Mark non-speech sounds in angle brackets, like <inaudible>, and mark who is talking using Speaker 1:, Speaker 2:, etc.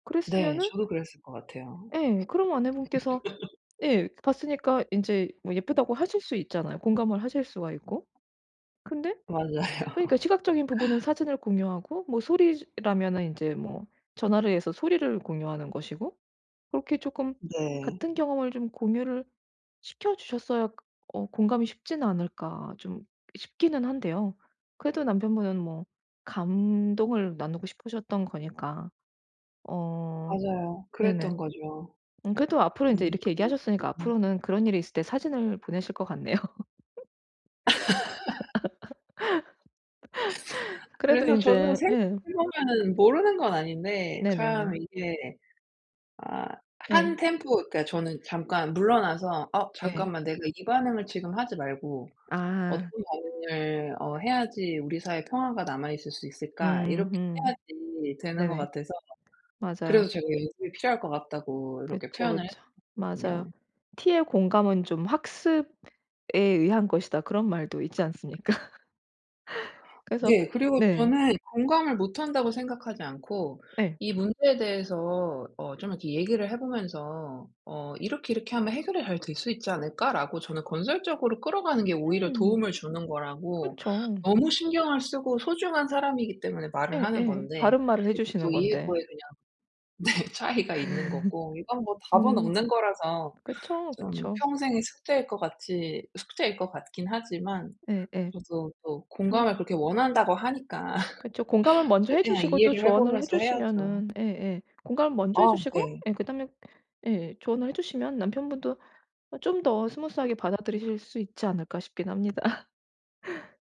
Speaker 1: 네.
Speaker 2: 그랬으면은
Speaker 1: 저도 그랬을 것 같아요.
Speaker 2: 예. 그럼 아내분께서
Speaker 1: <laughs>
Speaker 2: 예 봤으니까 인제 뭐 예쁘다고 하실 수 있잖아요. 공감을 하실 수가 있고, 근데
Speaker 1: 맞아요.
Speaker 2: 그러니까 시각적인 부분은 사진을 공유하고 뭐 소리라면은 인제 뭐 전화를 해서 소리를 공유하는 것이고 그렇게 쪼끔
Speaker 1: 네.
Speaker 2: 같은 경험을 좀 공유를 시켜주셨어야 어 공감이 쉽지는 않을까 좀 싶기는 한데요. 그래도 남편분은 뭐 감동을 나누고 싶으셨던 거니까. 어
Speaker 1: 맞아요. 그랬던
Speaker 2: 네네.
Speaker 1: 거죠.
Speaker 2: 음 그래도 앞으로
Speaker 1: 네
Speaker 2: 인제 이렇게
Speaker 1: 그걸 그렇게
Speaker 2: 얘기하셨으니까
Speaker 1: 좀
Speaker 2: 앞으로는 그런 일이 있을 때 사진을 보내실 것 같네요.
Speaker 1: <laughs>
Speaker 2: <laughs> 그래도
Speaker 1: 그래서 저도
Speaker 2: 인제
Speaker 1: 생각해
Speaker 2: 예.
Speaker 1: 보면은 모르는 건 아닌데
Speaker 2: 네네네.
Speaker 1: 참 이게 아 한
Speaker 2: 네.
Speaker 1: 템포 그러니까 저는 잠깐 물러나서 '어
Speaker 2: 네.
Speaker 1: 잠깐만 내가 이 반응을 지금 하지 말고 어떤
Speaker 2: 아.
Speaker 1: 반응을 어 해야지 우리 사이 평화가 남아있을 수 있을까.' 이렇게
Speaker 2: 음음.
Speaker 1: 해야지 되는 것
Speaker 2: 네네.
Speaker 1: 같아서 그래서
Speaker 2: 맞아요.
Speaker 1: 제가 연습이 필요할 것 같다고 이렇게
Speaker 2: 그쵸,
Speaker 1: 표현을
Speaker 2: 그쵸. 맞아요.
Speaker 1: 했었거든요.
Speaker 2: "T의 공감은 좀 학습에 의한 것이다." 그런 말도 있지 않습니까? 그래서
Speaker 1: 네. 그리고
Speaker 2: 네.
Speaker 1: 저는 공감을 못한다고 생각하지 않고
Speaker 2: 예.
Speaker 1: 이 문제에 대해서 어 좀 이렇게 얘기를 해보면서 어 "이렇게, 이렇게 하면 해결이 잘 될 수 있지 않을까?"라고 저는 건설적으로 끌어가는 게 오히려
Speaker 2: 음.
Speaker 1: 도움을 주는 거라고
Speaker 2: 그쵸.
Speaker 1: 너무 신경을 쓰고 소중한 사람이기 때문에 말을 하는
Speaker 2: 예예.
Speaker 1: 건데
Speaker 2: 바른말을 해
Speaker 1: 예
Speaker 2: 주시는
Speaker 1: 보통
Speaker 2: 건데.
Speaker 1: 이해도에 그냥 네 차이가 있는 거고 이건
Speaker 2: <laughs>
Speaker 1: 뭐 답은
Speaker 2: 음.
Speaker 1: 없는 거라서
Speaker 2: 그쵸.
Speaker 1: 좀
Speaker 2: 그쵸.
Speaker 1: 평생의 숙제일 것 같이 숙제일 것 같긴 하지만
Speaker 2: 예예.
Speaker 1: 저도 또
Speaker 2: 좀
Speaker 1: 공감을 그렇게 원한다고 하니까
Speaker 2: 그쵸. 공감을
Speaker 1: <laughs>
Speaker 2: 먼저 해
Speaker 1: 최대한
Speaker 2: 주시고 또
Speaker 1: 이해를 해
Speaker 2: 조언을 해
Speaker 1: 보면서 해야죠.
Speaker 2: 주시면은 예예 공감을 먼저 해
Speaker 1: 어
Speaker 2: 주시고
Speaker 1: 네.
Speaker 2: 예 그다음에 예 조언을 해 주시면 남편분도 아 좀 더 스무스하게 받아들이실 수 있지 않을까 싶긴 합니다. <laughs>